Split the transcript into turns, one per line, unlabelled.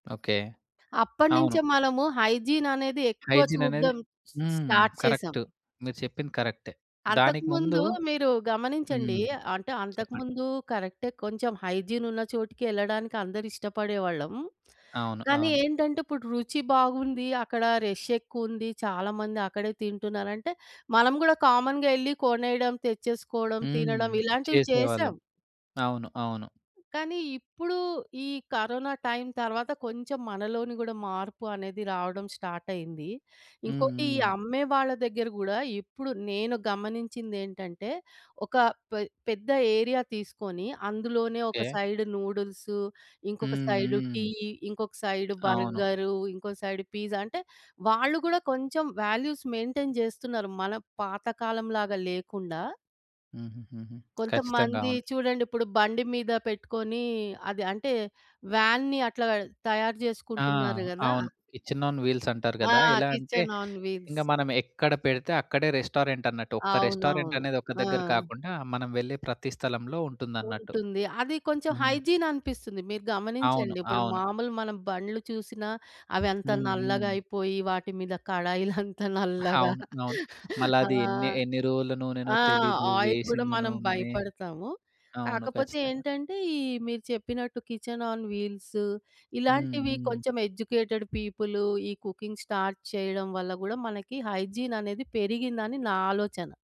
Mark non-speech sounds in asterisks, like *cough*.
Okay. అవును.
అప్పటినుంచే మనము hygiene అనేది ఎక్కువ
హైజీన్ అనేది
చూడ్డం
హ్మ్.
స్టార్ట్ చేసాం.
కరెక్ట్. మీరు చెప్పింది కరెక్టే. దానికి ముందు
అంతకుముందు మీరు గమనించండి.
హ్మ్.
అంటే
చెప్పండి.
అంతకుముందు కరెక్టే కొంచెం హైజీన్ ఉన్న చోటికి ఎళ్ళడానికి అందరూ ఇష్టపడేవాళ్ళం.
అవును.
కానీ
అవును.
ఏంటంటే ఇప్పుడు రుచి బాగుంది. అక్కడ రష్ ఎక్కువుంది. చాలా మంది అక్కడే తింటున్నారంటే మనం గూడా కామన్‌గా ఎళ్ళి కొనేయడం, తెచ్చేసుకోవడం, తినడం
హ్మ్.
ఇలాంటివి చేసాం.
చేసేవాళ్ళం. అవును. అవును.
కానీ ఇప్పుడు ఈ కరోనా టైమ్ తర్వాత కొంచెం మనలోని గూడా మార్పు అనేది రావడం స్టార్ట్ అయ్యింది.
హ్మ్.
ఇంకోటి ఈ
హ్మ్.
అమ్మే వాళ్ళ దగ్గర గూడా ఇప్పుడు నేను గమనించిందేంటంటే ఒక పె పెద్ద ఏరియా తీసుకొని అందులోనే ఒక
ఓకే.
సైడ్ నూడిల్స్ ఇంకొక
హ్మ్.
సైడ్ టీ,
హ్మ్.
ఇంకొక సైడ్
అవును.
బర్గరు ఇంకొక సైడ్ పిజ్జా అంటే వాళ్ళు గూడా కొంచెం వాల్యూస్ మెయింటైన్ జేస్తున్నారు. మన పాత కాలం లాగా లేకుండా.
హుహుహుహు. ఖచ్చితంగా.
కొంతమంది
అవును.
చూడండి. ఇప్పుడు బండి మీద పెట్టుకొని అది అంటే వ్యానుని అట్లా తయారు
ఆ!
చేసుకుంటున్నారు గదా!
అవును. కిచెన్ ఆన్ వీల్స్ అంటారు
ఆ!
గదా! ఎలా అంటే
కిచెన్ ఆన్ వీల్స్.
ఇంగ మనం ఎక్కడ పెడితే అక్కడే రెస్టారెంటన్నట్టు. ఒక
అవునవును.
రెస్టారెంటనేది ఒక దగ్గర
ఆ!
కాకుండా మనం వెళ్ళే ప్రతి స్థలంలో ఉంటుందన్నట్టు.
ఉంటుంది. అది కొంచెం
హ్మ్.
హైజీన్ అనిపిస్తుంది. మీరు
అవును.
గమనించండి. ఇప్పుడు
అవును.
మామూలుగా మనం బండ్లు చూసినా అవి అంత
హ్మ్.
నల్లగా
హ్మ్.
అయిపోయి, వాటి మీద కడాయిలంత నల్లగా
అవును.
*laughs*
అవును. మళ్ళ
ఆ!
అది ఎన్ని ఎన్ని రోజుల నూనెనో
ఆ!
తెలీదు,
ఆయిల్ గూడా
వేసిన
మనం
నూననే
భయపడతాము.
అవును.
కాకపోతే
ఖచ్చితంగా.
ఏంటంటే ఈ మీరు చెప్పినట్టు కిచెన్ ఆన్ వీల్స్
హ్మ్.
ఇలాంటివి
హ్మ్.
కొంచెం ఎడ్యుకేటెడ్ పీపుల్ ఈ కుకింగ్ స్టార్ట్ చేయడం వల్ల గూడా మనకి హైజీన్ అనేది పెరిగిందని నా ఆలోచన.